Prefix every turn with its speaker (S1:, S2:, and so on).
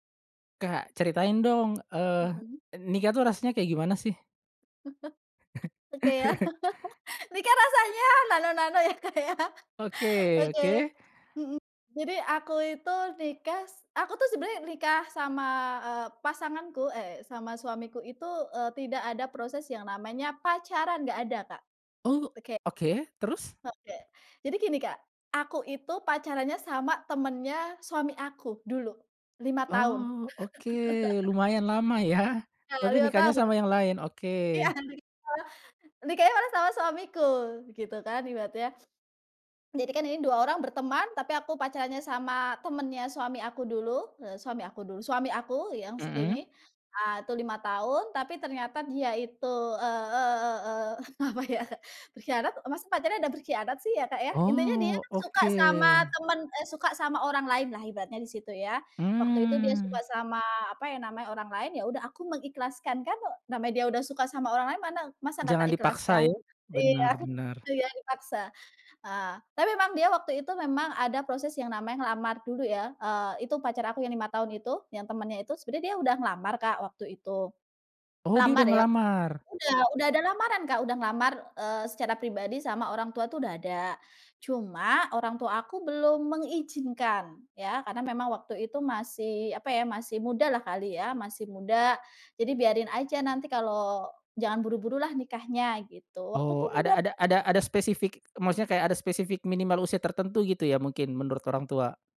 S1: Kak, ceritain dong, eee,
S2: Mhm.
S1: nikah itu rasanya kayak gimana sih?
S2: Oke, yah, nikah rasanya nano-nano ya, Kak, ya?
S1: Oke
S2: Oke,
S1: oke.
S2: mhm. Jadi, aku itu nikas aku tu sebenarnya nikah sama, eee, pasanganku eh, sama suamiku itu, eee, tidak ada proses yang namanya pacaran nggak ada, Kak.
S1: Oh,
S2: Oke.
S1: oke. Terus?
S2: Oke. Jadi gini, Kak, aku itu, pacarannya sama temennya suami aku, dulu. 5 tahun.
S1: Oh, oke. Lumayan lama ya?
S2: Ya,
S1: Tapi
S2: 5
S1: nikahnya
S2: tahun.
S1: sama yang lain?
S2: Iya,
S1: Oke.
S2: nikah nikahnya malah sama suamiku, gitu kan, ibaratnya. Jadi kan ini, 2 orang berteman, tapi aku pacarannya sama temennya suami aku dulu, eee, suami aku dulu suami aku, yang s
S1: Mhm.
S2: ini. Ah itu 5 tahun, tapi ternyata dia itu, eee eee eee eee apa ya berkhianat, masa pacaran ada berkhianat sih ya, Kak, ya? Intinya dia
S1: Oh,
S2: suka sama
S1: oke.
S2: teman eee, suka sama orang lain lah, ibaratnya di situ, ya. Waktu itu dia suka
S1: Mmm.
S2: sama, apa ya namanya, orang lain, yaudah aku mengikhlaskan. Kan namanya dia udah suka sama orang lain, mana masa nggak tak
S1: Jangan dipaksa,
S2: ikhlaskan?
S1: ya?
S2: Iya,
S1: Benar benar.
S2: itu ya dipaksa. Ah, tapi memang dia waktu itu, memang ada proses yang namanya ngelamar dulu ya, eee, itu pacar aku yang 5 tahun itu, yang temennya itu, sebenarnya dia udah ngelamar, Kak, waktu itu.
S1: Oh, dia
S2: Lamar
S1: udah
S2: ya
S1: ngelamar?
S2: udah udah ada lamaran, Kak. Udah ngelamar, eee, secara pribadi sama orang tua tuh, udah ada. Cuma, orang tua aku belum mengizinkan, ya. Karena memang waktu itu masih, apa ya, masih mudalah kali ya, masih muda. Jadi biarin aja, nanti kalau jangan buru-burulah nikahnya, gitu. Waktu itu
S1: Oh,
S2: umur
S1: ada
S2: berap
S1: ada ada ada spesifik maksudnya, kayak ada spesifik minimal usia tertentu, gitu ya? Mungkin, menurut orang tua.